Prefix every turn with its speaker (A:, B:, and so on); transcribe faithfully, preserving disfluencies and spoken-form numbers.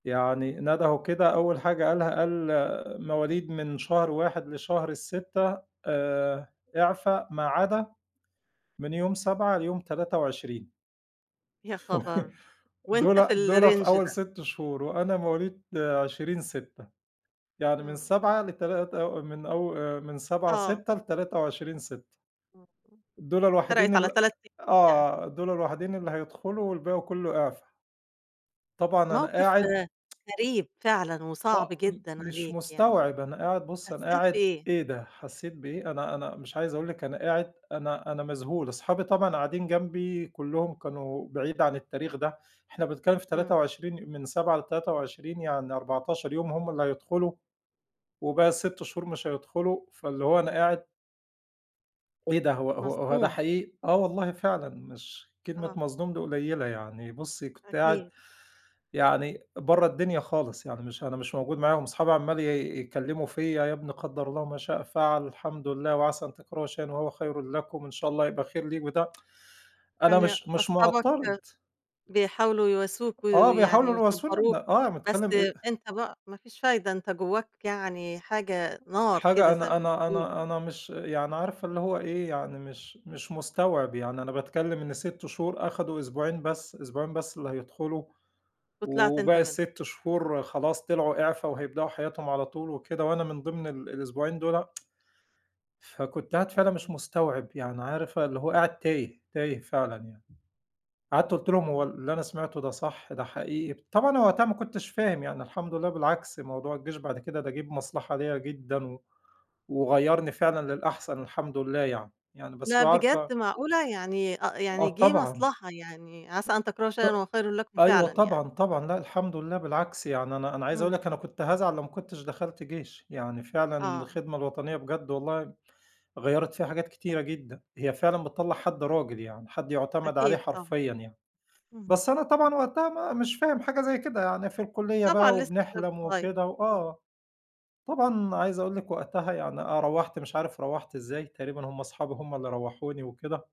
A: يعني ندهوا كده أول حاجة قالها قال: "مواليد من شهر واحد لشهر ستة آآ إعفا ما عدا من يوم سبعة ليوم تلاتة وعشرين."
B: يا خبر! وأنتَ في
A: دُولَة دُولَة في
B: الrange
A: أول
B: ده؟
A: ست شهور وأنا مواليد
B: [unintelligible]
A: عشرين ستة. يعني من
B: امم.
A: سبعة لتلات أو من أو آآ من سبعة
B: آه.
A: ستة، لتلاتة وعشرين ستة.
B: [unintelligible]
A: دُولَة الوحيدين
B: فرقت على
A: ال
B: تلات أيام يعني.
A: آه، دُولَة الوحيدين اللي هيدخلوا والباقي كله إعفا. طبعًا أنا
B: موقف
A: قاعد
B: غريب، فعلًا وصعب
A: آه م
B: جدًا
A: مش
B: عليك يعني.
A: مستوعب، أنا قاعد بُصي أنا
B: حسيت
A: قاعد،
B: بإيه؟
A: إيه ده حسيت بإيه؟ أنا أنا مش عايز أقول لِك أنا قاعد أنا أنا مذهول، أصحابي طبعًا قاعدين جنبي كلهم كانوا بعيد عن التاريخ ده. إحنا بنتكلم في تلاتة
B: امم.
A: وعشرين من سبعة لتلاتة وعشرين يعني أربعتاشر يوم هم اللي هيدخلوا. وباقي الست شهور مش هيدخلوا، فاللي هو أنا قاعد إيه ده! هو هو هو ده
B: مصدوم.
A: حقيقي؟ آه والله فعلًا مش كلمة
B: آه.
A: مصدوم دي قليلة يعني، بُصي كنت قاعد
B: أكيد.
A: يعني برّه الدنيا خالص، يعني مش أنا مش موجود معاهم. أصحابي عمّال ي يتكلموا في يا ابني قدَّر الله وما شاء فعل. الحمد لله وعسى أن تكرهوا شيئًا وهو خيرٌ لكم، إن شاء الله هيبقى خير ليك بتاع أنا
B: كان
A: مش مش
B: أصحابك
A: معترض.
B: بيحاولوا يواسوك، و
A: آه
B: ويعني
A: بيحاولوا يواسوني،
B: ويصبروك.
A: أنا آه
B: بس،
A: باتكلم آآ
B: أنتَ بقى ما فيش فايدة، أنتَ جواك يعني حاجة نار
A: حاجة
B: كده زي
A: أنا
B: ما
A: أنا
B: بيقولوا
A: أنا أنا مش يعني عارفة اللي هو إيه؟ يعني مش مش مستوعب يعني، أنا باتكلم إن ست شهور أخدوا أسبوعين بس، أسبوعين بس اللي هيدخلوا.
B: وطلعت أنت
A: وباقي
B: منهم.
A: الست شهور خلاص طلعوا إعفا، وهيبدأوا حياتهم على طول وكده وأنا من ضمن ال الأسبوعين دُولَة. فكنت قاعد فعلًا مش
B: اهم.
A: مستوعب، يعني عارفة اللي هو قاعد تايه، تايه فعلًا يعني. قعدت قُلْت لهم هو
B: امم.
A: ال اللي أنا سمعته ده صح؟ ده حقيقي؟ طبعًا أنا وقتها ما كنتش فاهم، يعني الحمد لله بالعكس موضوع الجيش بعد كده ده جه بمصلحة ليّا جدًا، و وغيّرني فعلًا للأحسن الحمد لله يعني. يعني بس
B: لأ،
A: بقى
B: بجد!
A: عارفة
B: معقولة؟ يعني آآ،
A: آه
B: يعني جه
A: طبعًا.
B: مصلحة يعني، عسى أن تكرهوا
A: ط
B: شيئًا وهو خيرٌ لكم
A: أيوه
B: فعلًا يعني.
A: طبعًا، طبعًا. لأ، الحمد لله بالعكس يعني أنا أنا عايز أقول
B: امم.
A: لِك أنا كنت هازعل لو ما كنتش دخلت جيش. يعني فعلًا
B: آه.
A: الخدمة الوطنية بجد والله غيّرت فيّا حاجات كتيرة جدًا. هي فعلًا بتطلَّع حد راجل يعني، حد يعتمد عليه
B: أكيد طبعًا.
A: حرفيًا يعني.
B: اهم.
A: بس أنا طبعًا وقتها ما مش فاهم حاجة زي كده يعني في الكلية
B: طبعًا
A: بقى
B: لسه شاب
A: وبنحلم
B: صغير.
A: وكده،
B: آه.
A: وآه. طبعًا عايز أقول لِك وقتها يعني آه رَوَّحت مش عارف رَوَّحت إزاي، تقريبًا هم أصحابي هم اللي رَوَّحوني وكده.